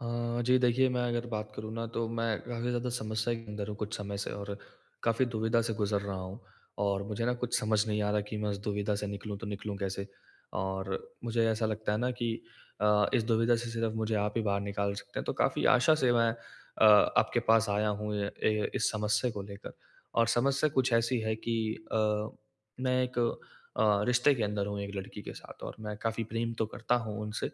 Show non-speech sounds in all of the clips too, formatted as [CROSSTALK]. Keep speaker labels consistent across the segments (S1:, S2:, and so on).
S1: अ, जी देखिए मैं अगर बात करूँ ना तो मैं काफ़ी ज़्यादा समस्या के अंदर हूँ कुछ समय से और काफ़ी दुविधा से गुज़र रहा हूँ। और मुझे ना कुछ समझ नहीं आ रहा कि मैं इस दुविधा से निकलूँ तो निकलूँ कैसे। और मुझे ऐसा लगता है ना कि अ, इस दुविधा से सिर्फ मुझे आप ही बाहर निकाल सकते हैं। तो काफ़ी आशा से मैं अ, आपके पास आया हूँ अ, ए, इस समस्या को लेकर। और समस्या कुछ ऐसी है कि अ, मैं एक अ, रिश्ते के अंदर हूँ एक लड़की के साथ और मैं काफ़ी प्रेम तो करता हूँ उनसे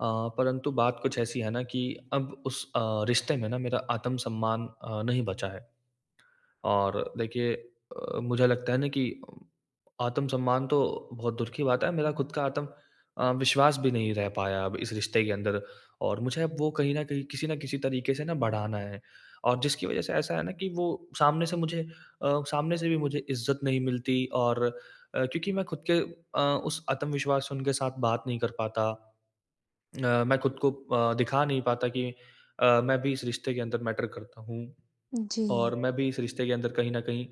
S1: अ, परंतु बात कुछ ऐसी है ना कि अब उस अ, रिश्ते में ना मेरा आत्मसम्मान अ, नहीं बचा है। और देखिए अ, मुझे लगता है ना कि आत्मसम्मान तो बहुत दूर की बात है मेरा खुद का आतम अ, विश्वास भी नहीं रह पाया अब इस रिश्ते के अंदर और मुझे अब वो कहीं न कहीं, किसी ना किसी तरीके से ना बढ़ाना है। और जिसकी वजह से ऐसा है ना कि वो सामने से मुझे अ, सामने से भी मुझे इज़्ज़त नहीं मिलती और अ, क्योंकि मैं खुद के अ, उस आत्मविश्वास से उनके साथ बात नहीं कर पाता। अ, मैं खुद को अ, दिखा नहीं पाता कि अ, मैं भी इस रिश्ते के अंदर मैटर करता हूँ। और
S2: जी।
S1: मैं भी इस रिश्ते के अंदर कहीं न कहीं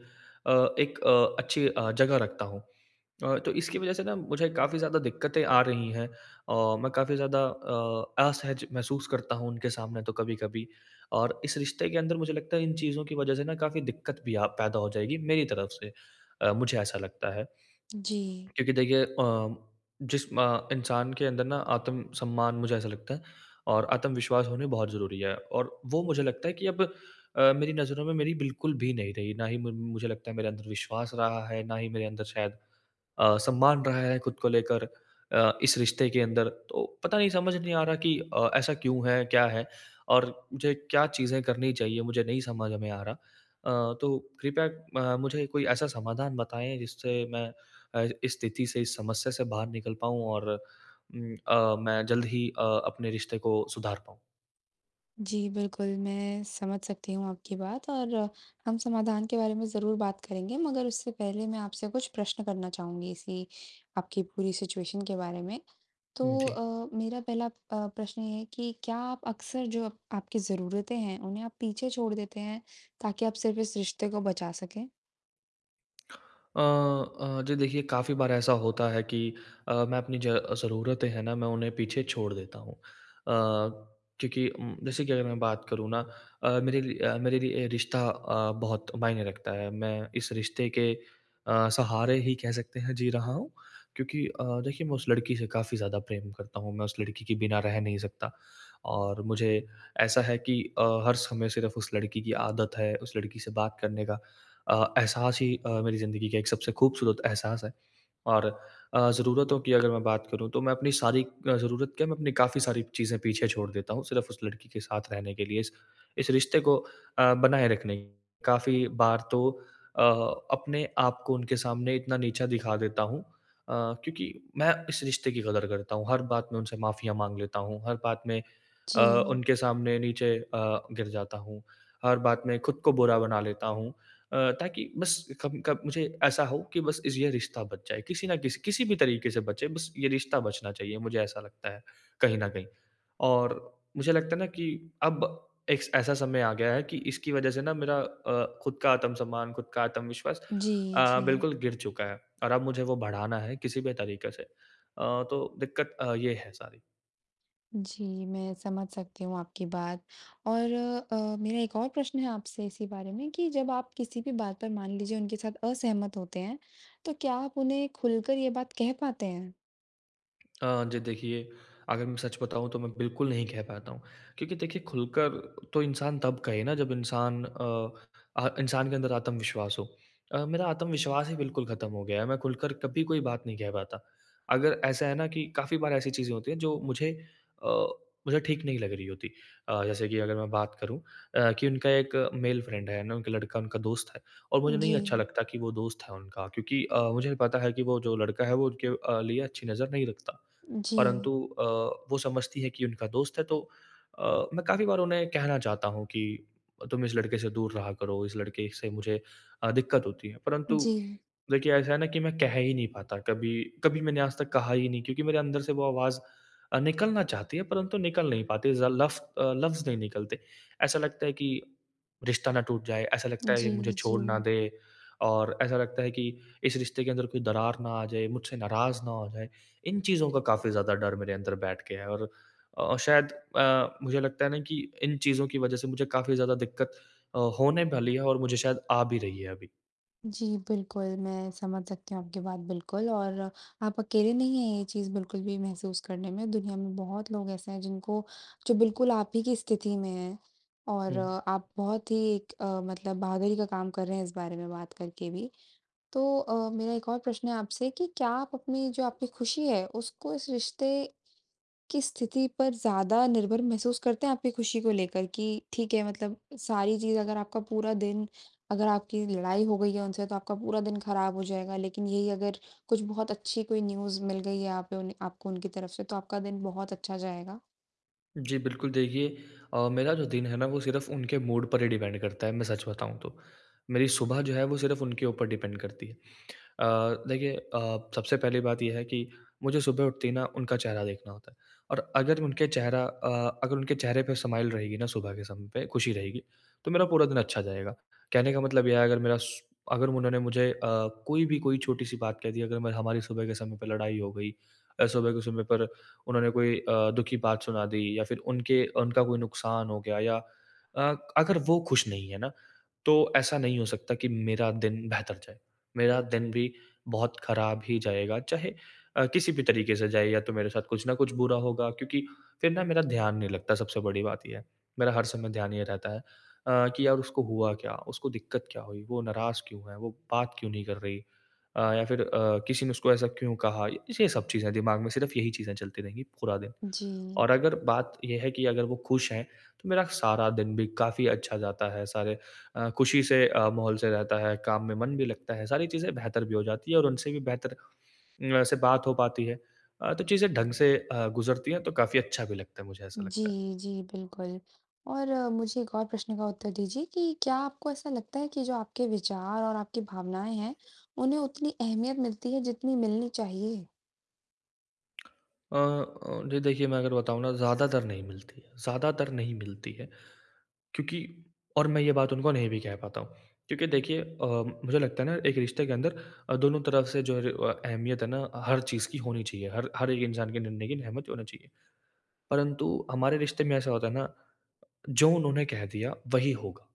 S1: अ, एक अ, अच्छी अ, जगह रखता हूँ। अ, तो इसकी वजह से ना मुझे काफ़ी ज़्यादा दिक्कतें आ रही हैं। अ, मैं काफ़ी ज़्यादा अ, असहज महसूस करता हूँ उनके सामने तो कभी-कभी। और इस रिश्ते के अंदर मुझे लगता है इन चीज़ों की वजह से ना काफ़ी दिक्कत भी अ, पैदा हो जाएगी मेरी तरफ से। अ, मुझे ऐसा लगता है।
S2: जी।
S1: क्योंकि देखिए अ, जिस म इंसान के अंदर ना आत्मसम्मान मुझे ऐसा लगता है और आत्मविश्वास होनी बहुत ज़रूरी है और वो मुझे लगता है कि अब अ, मेरी नज़रों में मेरी बिल्कुल भी नहीं रही। ना ही म मुझे लगता है मेरे अंदर विश्वास रहा है, ना ही मेरे अंदर शायद अ, सम्मान रहा है खुद को लेकर अ, इस रिश्ते के अंदर। तो पता नहीं, समझ नहीं आ रहा कि अ, ऐसा क्यों है? क्या है? और मुझे क्या चीज़ें करनी चाहिए, मुझे नहीं समझ में आ रहा। अ, तो कृपया अ, मुझे कोई ऐसा समाधान बताएँ जिससे मैं अ, इस स्थिति से इस समस्या से बाहर निकल पाऊँ और उम, अ, मैं जल्द ही अ, अपने रिश्ते को सुधार पाऊँ।
S2: जी बिल्कुल, मैं समझ सकती हूँ आपकी बात और हम समाधान के बारे में ज़रूर बात करेंगे मगर उससे पहले मैं आपसे कुछ प्रश्न करना चाहूँगी इसी आपकी पूरी सिचुएशन के बारे में। तो
S1: जी।
S2: अ, मेरा पहला अ, प्रश्न ये है कि क्या अप अक्सर जो अब आपकी ज़रूरतें हैं उन्हें आप पीछे छोड़ देते हैं ताकि आप सिर्फ़ इस रिश्ते को बचा सकें?
S1: अ अ, जी देखिए काफ़ी बार ऐसा होता है कि अ, मैं अपनी ज ज़रूरतें हैं ना, मैं उन्हें पीछे छोड़ देता हूँ। अ, क्योंकि उम, जैसे कि अगर मैं बात करूँ ना अ, मेरे रि अ, मेरे लिए रिश्ता अ, बहुत मायने रखता है। मैं इस रिश्ते के अ, सहारे ही कह सकते हैं जी रहा हूँ, क्योंकि अ, देखिए मैं उस लड़की से काफ़ी ज़्यादा प्रेम करता हूँ। मैं उस लड़की के बिना रह नहीं सकता। और मुझे ऐसा है कि अ, हर समय सिर्फ़ उस लड़की की आदत है। उस लड़की से बात करने का अ, एहसास ही अ, मेरी ज़िंदगी का एक सबसे खूबसूरत एहसास है। और अ, ज़रूरतों की अगर मैं बात करूँ, तो मैं अपनी सारी अ, ज़रूरत क्या मैं अपनी काफ़ी सारी चीज़ें पीछे छोड़ देता हूँ सिर्फ़ उस लड़की के साथ रहने के लिए, इस इस रिश्ते को अ, बनाए रखने काफ़ी बार तो अ, अपने आप को उनके सामने इतना नीचा दिखा देता हूँ, अ, क्योंकि मैं इस रिश्ते की कदर करता हूँ। हर बात में उनसे माफ़ियाँ माँग लेता हूँ, हर बात में, अ,
S2: जी।
S1: उनके सामने नीचे अ, गिर जाता हूँ, हर बात में ख़ुद को बुरा बना लेता हूँ। अ, ताकि बस कभी कभ मुझे ऐसा हो कि बस इज़ ये रिश्ता बच जाए, किसी न किसी किसी भी तरीके से बचे बस ये रिश्ता बचना चाहिए, मुझे ऐसा लगता है कहीं न कहीं। और मुझे लगता है ना कि अब एक ऐसा समय आ गया है कि इसकी वज़ह से ना मेरा अ, ख़ुद का आत्मसम्मान, ख़ुद का आत्मविश्वास
S2: जी,
S1: अ,
S2: जी।
S1: बिल्कुल गिर चुका है। और अब मुझे वो बढ़ाना है किसी भी तरीके से। अ, तो दिक्कत अ, ये है सारी।
S2: जी मैं समझ सकती हूँ आपकी बात और अ, मेरा एक और प्रश्न है आपसे इसी बारे में कि जब आप किसी भी बात पर मान लीजिए उनके साथ असहमत होते हैं, तो क्या आप उन्हें खुलकर ये बात कह पाते हैं?
S1: अ, जी देखिए, अगर मैं सच बताऊँ तो मैं बिल्कुल नहीं कह पाता हूँ। क्योंकि देखिए खुलकर तो इंसान तब कहे ना जब इंसान अ, अह इंसान के अंदर आत्मविश्वास हो। अ, मेरा आत्मविश्वास ही बिल्कुल ख़त्म हो गया है। मैं खुलकर कभी कोई बात नहीं कह पाता। अगर ऐसा है ना कि काफ़ी बार ऐसी चीज़ें होती हैं जो मुझे अ, मुझे ठीक नहीं लग रही होती। अ, जैसे कि अगर मैं बात करूँ अ, कि उनका एक मेल फ्रेंड है, है ना? क लड़का उनका दोस्त है और मुझे नहीं अच्छा
S2: जी।
S1: लगता कि वो दोस्त है उनका क्योंकि अ, मुझे पता है कि वो जो लड़का है वो उनके अ, लिए अच्छी नज़र नहीं रखता।
S2: जी।
S1: परन्तु अ, वो समझती है कि उनका दोस्त है तो अ, मैं काफ़ी बार उन्हें कहना चाहता हूँ कि, "तुम इस लड़के से दूर रहा करो, इस लड़के से मुझे अ, दिक्कत होती है।" परन्तु
S2: जी।
S1: देखिए ऐसा है ना कि मैं कह ही नहीं पाता कभी। कभी कभी मैंने आज तक कहा ही नहीं क्योंकि मेरे अंदर से वो आवाज़ अ, निकलना चाहती है परंतु निकल नहीं पाती, ज़ लफ अ, लफ़्ज़ नहीं निकलते। ऐसा लगता है कि रिश्ता ना टूट जाए, ऐसा लगता है ये मुझे
S2: जी,
S1: छोड़ ना
S2: जी।
S1: दे और ऐसा लगता है कि इस रिश्ते के अंदर कोई दरार ना आ जाए, मुझसे नाराज़ ना हो जाएँ। इन चीज़ों का काफ़ी ज़्यादा डर मेरे अंदर बैठ गया है और अ, शायद अ, मुझे लगता है ना कि इन चीज़ों की वज़ह से मुझे काफ़ी ज़्यादा दिक्कत अ, होने वाली है और मुझे शायद आ भी रही है अभी।
S2: जी बिल्कुल, मैं समझ सकती हूँ आपकी बात बिल्कुल, और आप अकेले नहीं है ये चीज़ बिल्कुल भी महसूस करने में दुनिया में बहुत लोग ऐसे हैं जिनको जो बिल्कुल आप ही की स्थिति में है, और
S1: हुँ।
S2: आप बहुत ही अ, मतलब बहादुरी का काम कर रहे हैं इस बारे में बात करके भी। तो अ, मेरा एक और प्रश्न है आपसे कि क्या आप अपनी जो आपकी खुशी है, उसको इस रिश्ते की स्थिति पर ज़्यादा निर्भर महसूस करते हैं आपकी खुशी को लेकर कि ठीक है मतलब सारी चीज़ अगर आपका पूरा दिन अगर आपकी लड़ाई हो गई है उनसे तो आपका पूरा दिन ख़राब हो जाएगा लेकिन यही अगर कुछ बहुत अच्छी कोई न्यूज़ मिल गई है यहाँ पे उन्हे आपको उनकी तरफ़ से तो आपका दिन बहुत अच्छा जाएगा?
S1: जी बिल्कुल, देखिए अ, मेरा जो दिन है ना वो सिर्फ़ उनके मूड पर ही डिपेंड करता है, मैं सच बताऊँ तो। मेरी सुबह जो है वो सिर्फ उनके ऊपर डिपेंड करती है। अ, देखिए अ, सबसे पहली बात ये है कि मुझे सुबह उठते ही ना उनका चेहरा देखना होता है, और अगर उनके चेहरा अ, अगर उनके चेहरे पे स्माइल रहेगी ना सुबह के समय पे खुशी रहेगी, तो मेरा पूरा दिन अच्छा जाएगा। कहने का मतलब यह है अगर मेरा श अगर उन्होंने मुझे अ, कोई भी कोई छोटी-सी बात कह दी अगर हमारी सुबह के समय पे लड़ाई हो गई, और सुबह के समय पर उन्होंने कोई अ, दुःख की बात सुना दी या फिर उनके उनका कोई नुकसान हो गया या अ, अगर वो खुश नहीं है ना, तो ऐसा नहीं हो सकता कि मेरा दिन बेहतर जाए। मेरा दिन भी बहुत ख़राब ही जाएगा, चाहे अ, किसी भी तरीक़े से जाए या तो मेरे साथ कुछ न कुछ बुरा होगा क्योंकि फिर ना मेरा ध्यान नहीं लगता सबसे बड़ी बात ये है, मेरा हर समय ध्यान ये रहता है अ, कि यार उसको हुआ क्या? उसको दिक्कत क्या हुई? वो नाराज क्यों है? वो बात क्यों नहीं कर रही? अ, या फिर अ, किसी ने उसको ऐसा क्यों कहा? ये सब चीज़ें दिमाग में सिर्फ़ यही चीज़ें चलती रहेंगी पूरा दिन।
S2: जी।
S1: और अगर बात ये है कि अगर वो खुश हैं, तो मेरा सारा दिन भी काफ़ी अच्छा जाता है, सारे अ, खुशी से अ, माहौल से रहता है, काम में मन भी लगता है। सारी चीज़ें बेहतर भी हो जाती है और उनसे भी बेहतर वैसे बात हो पाती है। अ, तो चीज़ें ढंग से अ, गुज़रती है तो काफ़ी अच्छा भी लगता है मुझे ऐसा लगता है।
S2: जी, जी। बिल्कुल, और मुझे एक और प्रश्न का उत्तर दीजिए कि क्या आपको ऐसा लगता है कि जो आपके विचार और आपकी भावनाएँ हैं, उन्हें उतनी अहमियत मिलती है जितनी मिलनी चाहिए?
S1: [CLICKS TONGUE] अ अ, जी देखिए मैं अगर बताऊँ ना ज़्यादातर नहीं मिलती ज़्यादातर नहीं मिलती है। क्योंकि और मैं ये बात उनको नहीं भी कह पाता हूँ। क्योंकि देखिए अ, मुझे लगता है ना एक रिश्ते के अंदर अ, दोनों तरफ़ से जो अ, अहमियत है ना हर चीज़ की होनी चाहिए। हर हर एक इंसान के निर्णय की अहमियत होनी चाहिए। परंतु हमारे रिश्ते में ऐसा होता है ना, जो उन्होंने कह दिया वही होगा।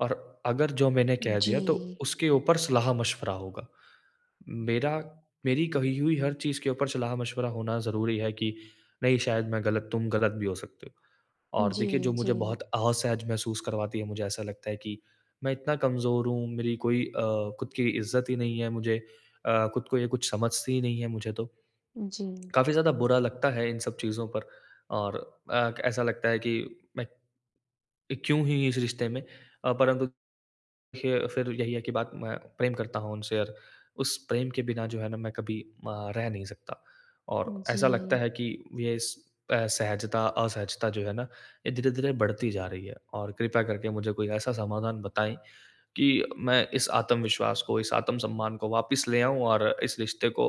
S1: और अगर जो मैंने कह दिया तो
S2: जी।
S1: उसके ऊपर सलाह-मशवरा होगा। मेरा मेरी कही हुई हर चीज़ के ऊपर सलाह-मशवरा होना ज़रूरी है कि नहीं शायद मैं गलत तुम गलत भी हो सकते हो। और देखिए
S2: जी,
S1: जो मुझे बहुत
S2: जी।
S1: असहज महसूस करवाती है, मुझे ऐसा लगता है कि मैं इतना कमजोर हूँ, मेरी कोई अ, ख़ुद की इज्जत ही नहीं है, मुझे अ, ख़ुद को ये कुछ समझती ही नहीं है मुझे तो।
S2: जी।
S1: काफ़ी ज़्यादा बुरा लगता है इन सब चीज़ों पर और अ, ऐसा लगता है कि मैं क्यों ही इस रिश्ते में? परंतु देखिए फिर यही है कि बात मैं प्रेम करता हूँ उनसे और उस प्रेम के बिना जो है ना मैं कभी अ, रह नहीं सकता। और ऐसा लगता
S2: जी।
S1: है कि ये इस एसहजता असहजता जो है ना ये धीरे-धीरे बढ़ती जा रही है। और कृपया करके मुझे कोई ऐसा समाधान बताएँ कि मैं इस आत्मविश्वास को, इस आत्मसम्मान को वापस ले आऊँ और इस रिश्ते को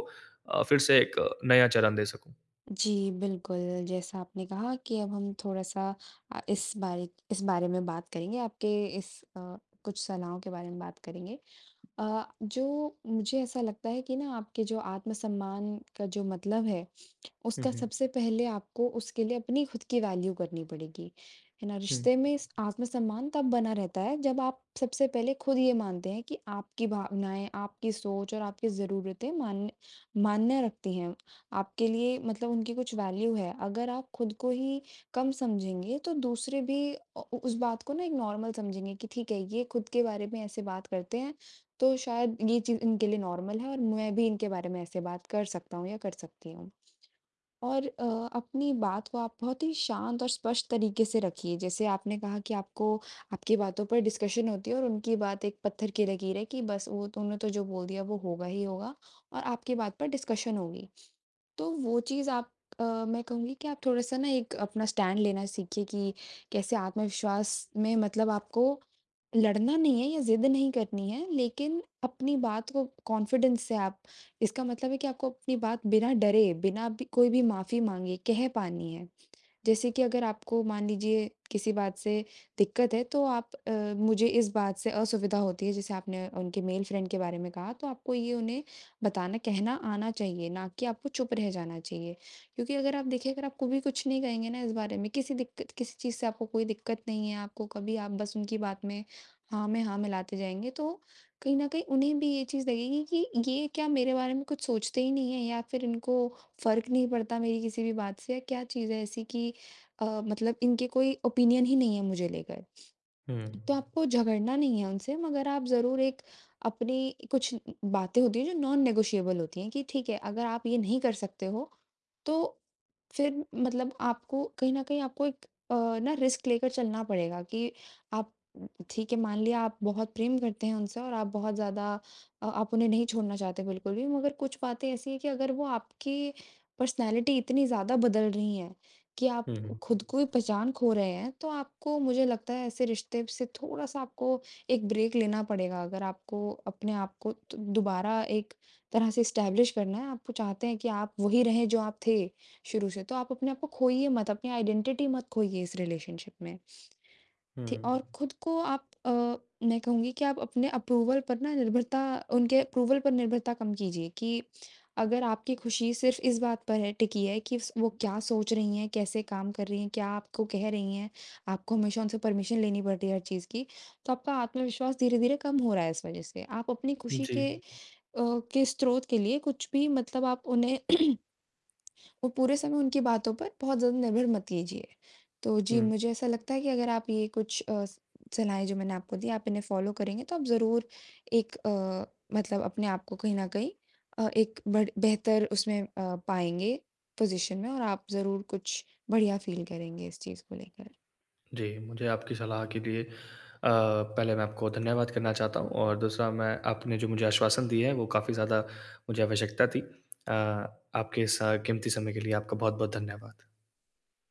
S1: अ, फिर से एक नया चरण दे सकूँ।
S2: जी बिल्कुल, जैसा आपने कहा कि अब हम थोड़ा-सा अ, इस बारिक इस बारे में बात करेंगे आपके इस अ, कुछ सलाहों के बारे में बात करेंगे। अ, जो मुझे ऐसा लगता है कि ना आपके जो आत्म-सम्मान का जो मतलब है,
S1: हुँ,
S2: उसका
S1: हुँ।
S2: सबसे पहले आपको उसके लिए अपनी खुद की वैल्यू करनी पड़ेगी, है ना?
S1: हुँ।
S2: रिश्ते में आत्म-सम्मान तब बना रहता है जब आप सबसे पहले खुद ये मानते हैं कि आपकी भावनाएँ, आपकी सोच और आपकी ज़रूरतें मान्य मान्य रखती हैं, आपके लिए मतलब उनकी कुछ वैल्यू है। अगर आप खुद को ही कम समझेंगे तो दूसरे भी अ, उस बात को ना एक नॉर्मल समझेंगे कि ठीक है, ये खुद के बारे में ऐसे बात करते हैं, तो शायद ये चीज़ इनके लिए नॉर्मल है और मैं भी इनके बारे में ऐसे बात कर सकता हूँ या कर सकती हूँ। और अ, अपनी बात को आप बहुत ही शांत और स्पष्ट तरीके से रखिए, जैसे आपने कहा कि आपको आपकी बातों पर डिस्कशन होती है और उनकी बात एक पत्थर की लकीर है कि बस वो तुमने तो जो बोल दिया वो होगा ही होगा, और आपकी बात पर डिस्कशन होगी। तो वो चीज़ आप अ, मैं कहूँगी कि आप थोड़ा-सा ना एक अपना स्टैंड लेना सीखिए कि, कैसे आत्मविश्वास में मतलब आपको लड़ना नहीं है या ज़िद नहीं करनी है, लेकिन अपनी बात को कॉन्फिडेंस से आप इसका मतलब है कि आपको अपनी बात बिना डरे, बिना ब कोई भी माफी माँगे कह पानी है। जैसे कि अगर आपको मान लीजिए किसी बात से दिक्कत है, तो आप अ, मुझे इस बात से असुविधा होती है जैसे आपने उनके मेल फ्रेंड के बारे में कहा तो आपको ये उन्हें बताना कहना आना चाहिए, ना कि आपको चुप रह जाना चाहिए, क्योंकि अगर आप देखें अगर आप को भी कुछ नहीं कहेंगे ना इस बारे में किसी दिक्कत किसी चीज़ से आपको कोई दिक्कत नहीं है आपको कभी आप बस उनकी बात में हाँ में हाँ मिलाते जाएँगे तो, कहीं न कहीं उन्हें भी ये चीज़ लगेगी कि ये क्या मेरे बारे में कुछ सोचते ही नहीं हैं या फिर इनको फ़र्क नहीं पड़ता मेरी किसी भी बात से क्या चीज़ है ऐसी कि अ, मतलब इनके कोई ओपिनियन ही नहीं है मुझे लेकर।
S1: हुँ।
S2: तो आपको झगड़ना नहीं है उनसे मगर आप ज़रूर एक अपनी कुछ ब बातें होती हैं जो नॉन नेगोशिएबल होती हैं कि ठीक है, अगर आप ये नहीं कर सकते हो, तो फिर मतलब आपको कहीं न कहीं आपको एक अ, ना रिस्क लेकर चलना पड़ेगा कि आप ठीक है मान लिया आप बहुत प्रेम करते हैं उनसे और आप बहुत ज़्यादा अ, आप उन्हें नहीं छोड़ना चाहते हैं बिल्कुल भी मगर कुछ बातें ऐसी हैं कि अगर वो आपकी पर्सनैलिटी इतनी ज़्यादा बदल रही है, कि आप
S1: हुँ, हुँ।
S2: खुद को ही पहचान खो रहे हैं, तो आपको मुझे लगता है ऐसे रिश्ते से थोड़ा-सा आपको एक ब्रेक लेना पड़ेगा अगर आपको अपने आपको दु दोबारा एक तरह से एस्टेब्लिश करना है, आप वो चाहते हैं कि आप वोही रहें जो आप थे, शुरू से तो आप अपने आपको खोइए मत, अपनी आइडेंटिटी मत खोइए इस रिलेशनशिप में। ठी और
S1: हुँ।
S2: खुद को आप अ, मैं कहूँगी कि आप अपने अप्रूवल पर निर्भरता उनके अप्रूवल पर निर्भरता कम कीजिए कि अगर आपकी खुशी सिर्फ इस बात पर है टिकी है कि वो क्या सोच रही हैं, कैसे काम कर रही हैं, क्या आपको कह रही हैं, आपको हमेशा उनसे परमिशन लेनी पड़ती है हर चीज़ की, तो आपका आत्मविश्वास धीरे-धीरे कम हो रहा है इस वजह से, आप अपनी खुशी
S1: जी।
S2: के अ, के स्रोत के लिए कुछ भी मतलब आप उन्हें [CLEARS THROAT] वो पूरे समय उनकी बातों पर बहुत ज़्यादा निर्भर मत कीजिए। तो जी,
S1: हुँ।
S2: मुझे ऐसा लगता है कि अगर आप ये कुछ अ, सलाहें जो मैंने आपको दीं आप इन्हें फॉलो करेंगे तो आप ज़रूर एक अ, मतलब अपने आपको कहीं न कहीं अ, एक बढ़ बेहतर उसमें अ, पाएँगे पोजीशन में और आप ज़रूर कुछ बढ़िया फील करेंगे इस चीज़ को लेकर।
S1: जी, मुझे आपकी सलाह के लिए अ, पहले मैं आपको धन्यवाद करना चाहता हूँ और दूसरा मैं आपने जो मुझे आश्वासन दिए हैं वो काफ़ी ज़्यादा मुझे आवश्यकता थी। अ, आपके स कीमती समय के लिए आपका बहुत-बहुत धन्यवाद।